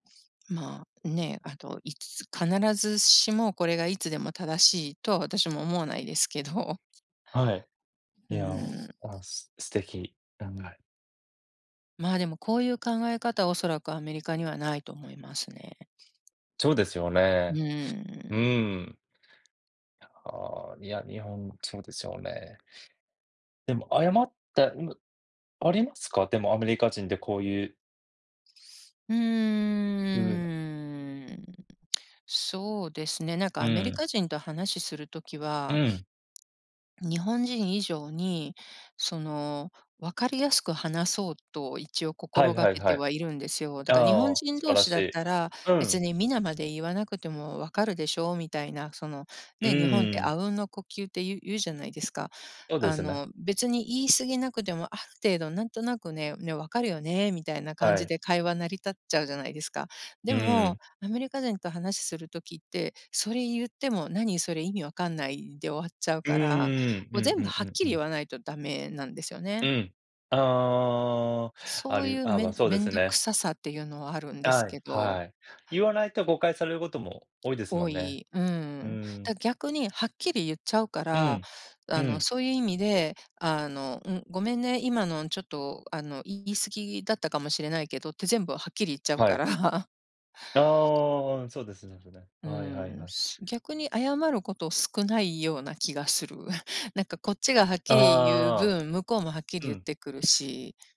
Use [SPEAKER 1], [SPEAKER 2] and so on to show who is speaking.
[SPEAKER 1] まあ、ね、あと、いつ必ずしもこれがいつでも正しいとは私も思わないですけど。
[SPEAKER 2] はい。
[SPEAKER 1] う
[SPEAKER 2] いや、
[SPEAKER 1] ーん。
[SPEAKER 2] あ、す素敵。
[SPEAKER 1] まあ、でもこういう考え方、おそらくアメリカにはないと思いますね。
[SPEAKER 2] そうですよ
[SPEAKER 1] う
[SPEAKER 2] ね。
[SPEAKER 1] ー
[SPEAKER 2] う
[SPEAKER 1] ん。
[SPEAKER 2] ん。ああ、いや、日本そうでしょうね。でも謝ったん、ありますか？でもアメリカ人でこういう
[SPEAKER 1] うー
[SPEAKER 2] うん。
[SPEAKER 1] ん、そうですね、なんか
[SPEAKER 2] う
[SPEAKER 1] アメリ
[SPEAKER 2] ん。
[SPEAKER 1] カ人と話する時
[SPEAKER 2] う
[SPEAKER 1] は
[SPEAKER 2] ん。
[SPEAKER 1] 日本人以上に、その分かりやすく話そうと一応
[SPEAKER 2] はい
[SPEAKER 1] 心が
[SPEAKER 2] はい
[SPEAKER 1] け
[SPEAKER 2] は
[SPEAKER 1] て
[SPEAKER 2] い。
[SPEAKER 1] はいるんですよ。だ
[SPEAKER 2] あ
[SPEAKER 1] から日本
[SPEAKER 2] あ、
[SPEAKER 1] 人
[SPEAKER 2] 素晴
[SPEAKER 1] 同
[SPEAKER 2] ら
[SPEAKER 1] 士
[SPEAKER 2] し
[SPEAKER 1] だっ
[SPEAKER 2] い。
[SPEAKER 1] たら
[SPEAKER 2] う
[SPEAKER 1] 「別
[SPEAKER 2] ん。
[SPEAKER 1] にみなまで言わなくても分かるでしょう」みたいな、その、
[SPEAKER 2] う
[SPEAKER 1] ね、日本っ
[SPEAKER 2] ー
[SPEAKER 1] て
[SPEAKER 2] ん。
[SPEAKER 1] 阿吽の呼吸ってい言うじゃないですか。
[SPEAKER 2] そうで
[SPEAKER 1] あ
[SPEAKER 2] すね。
[SPEAKER 1] の別に言い過ぎなくても、ある程度なんとなくね「ね、分かるよね」みたいな感
[SPEAKER 2] は
[SPEAKER 1] じ
[SPEAKER 2] い。
[SPEAKER 1] で会話成り立っちゃうじゃないですか。で
[SPEAKER 2] うん。
[SPEAKER 1] もアメリカ人と話する時って、それ言っても「何それ意味わかんない」で終わっちゃう
[SPEAKER 2] うー
[SPEAKER 1] から、
[SPEAKER 2] ん、
[SPEAKER 1] こ
[SPEAKER 2] う
[SPEAKER 1] う
[SPEAKER 2] ん
[SPEAKER 1] 全
[SPEAKER 2] う
[SPEAKER 1] 部
[SPEAKER 2] ん
[SPEAKER 1] は
[SPEAKER 2] う
[SPEAKER 1] っ
[SPEAKER 2] ん
[SPEAKER 1] き
[SPEAKER 2] う
[SPEAKER 1] り言
[SPEAKER 2] ん。
[SPEAKER 1] わないとダメなんですよね。
[SPEAKER 2] うん。ああ、あ
[SPEAKER 1] そうい
[SPEAKER 2] り
[SPEAKER 1] う
[SPEAKER 2] あ、ま
[SPEAKER 1] め
[SPEAKER 2] あ
[SPEAKER 1] ん
[SPEAKER 2] そうで
[SPEAKER 1] 面
[SPEAKER 2] す
[SPEAKER 1] 倒く
[SPEAKER 2] ね。
[SPEAKER 1] ささっていうのはあるんです
[SPEAKER 2] はい
[SPEAKER 1] けど。
[SPEAKER 2] はい。言わないと誤解されることも多いですも
[SPEAKER 1] 多
[SPEAKER 2] んね。
[SPEAKER 1] い。う
[SPEAKER 2] うー
[SPEAKER 1] ん。
[SPEAKER 2] ん。
[SPEAKER 1] だ逆にはっきり言っちゃうか
[SPEAKER 2] う
[SPEAKER 1] ら、
[SPEAKER 2] ん、う
[SPEAKER 1] あの
[SPEAKER 2] ん。
[SPEAKER 1] そういう意味で、あの、ん、ごめんね、今のちょっとあのい言い過ぎだったかもしれないけどって全部はっきり言っちゃう
[SPEAKER 2] は
[SPEAKER 1] か
[SPEAKER 2] い。
[SPEAKER 1] ら。
[SPEAKER 2] ああ、そうですね、それ。
[SPEAKER 1] う
[SPEAKER 2] はいはい
[SPEAKER 1] ん、
[SPEAKER 2] はい。
[SPEAKER 1] す逆に謝ること少ないような気がする。なんかこっちがはっきり言う
[SPEAKER 2] ああ。
[SPEAKER 1] 分、向こうもはっきり
[SPEAKER 2] う
[SPEAKER 1] 言っ
[SPEAKER 2] ん。
[SPEAKER 1] てくるし。